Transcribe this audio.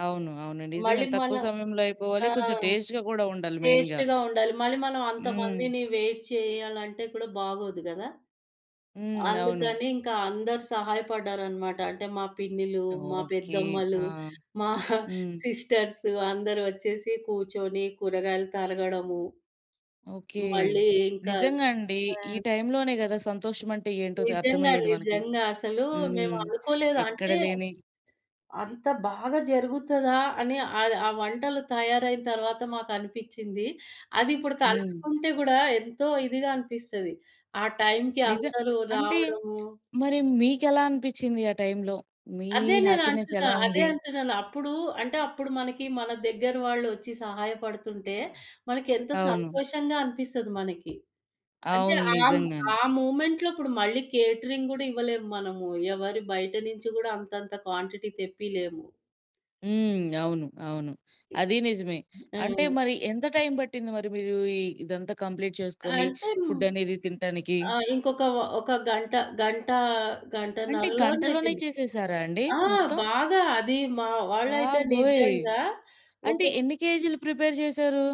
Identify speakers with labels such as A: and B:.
A: అవును. అవును.
B: మళ్ళీ
A: నిజంగానే
B: మన
A: తక్కువ సమయంలో అయిపోవాలి. కొంచెం
B: ఆహ్,
A: టేస్టు‌గా గూడా ఉండాలి మెయిన్‌గా.
B: టేస్టు‌గా ఉండాలి. మళ్ళీ మనం
A: హ్మ్.
B: అంతమందిని వెయిట్ చేయాలంటే, కూడా బాగోదు గదా!
A: హ్మ్. అవును.
B: అందుకని ఇంకా అందరు సహాయపడ్డారనమాట. అంటే మా పిన్నిలు, మా
A: ఓకే.
B: పెద్దమ్మలు,
A: ఆ!
B: మా
A: హ్మ్.
B: సిస్టర్స్ అందరూ వచ్చేసి కూర్చొని కూరగాయలు తరగడము.
A: ఓకే.
B: మళ్ళీ ఇంకా
A: నిజంగా అండి.
B: ఆ!
A: ఈ టైంలోనే గదా! సంతోషమంటే ఏంటో ద
B: నిజంగా,
A: అర్థమయ్యేది మనకి.
B: నిజంగా. అసలు
A: హ్మ్.
B: మేమనుకోలేదు.
A: ఎక్కడ
B: అంటే
A: లేని
B: అంత బాగా జరుగుతదా? అని ఆహ్, ఆ వంటలు తయారైన తర్వాత మాకు అనిపిచ్చింది. అదిప్పుడు
A: హ్మ్.
B: తలుచుకుంటే గూడా ఎంతో ఇదిగా అనిపిస్తది. ఆ టైంకి
A: నిజం.
B: అందరూ
A: అంటే
B: రావడము.
A: మరి మీకెలా అనిపిచ్చింది? ఆ టైంలో మీ
B: అదే
A: హ్యాపీనెస్
B: నేనంటున్నా,
A: ఎలా
B: అదే
A: ఉంది?
B: అంటున్నాను. అప్పుడు అంటే అప్పుడు మనకి మన దగ్గర వాళ్ళు వచ్చి సహాయపడుతుంటే, మనకి ఎంత
A: అవును.
B: సంతోషంగా అనిపిస్తది మనకి. అంటే
A: అవును.
B: ఆ
A: నిజంగానే.
B: ఆ మూమెంట్‌లో ఇప్పుడు మళ్ళీ కేటరింగ్ గుడా ఇవ్వలేము. మనము ఎవరి బయట నుంచి గూడా అంతంత క్వాంటిటీ తెప్పీలేము.
A: హ్మ్. అవును. అవును. అదీ నిజమే. అంటే
B: ఆ!
A: మరి ఎంత టైం బట్టింది మరి మీరూ ఇ ఇదంతా కంప్లీట్ చేసుకొని
B: అంతేను.
A: ఫుడ్ అనేది తింట్టానికి?
B: ఆ! ఇంకొక ఓహ్! ఒక గంట గంటా
A: అంటే గంటలోనే
B: గంటన్నరలోనైపోయింది.
A: చేసేసారా అండి
B: ఆ!
A: మొత్తం?
B: బాగా అది మా వాళ్ళైతే
A: బాబోయ్!
B: నిజంగా
A: అంటే
B: ఒకొక్
A: ఎన్ని కేజీలు ప్రిపేర్ చేసారు?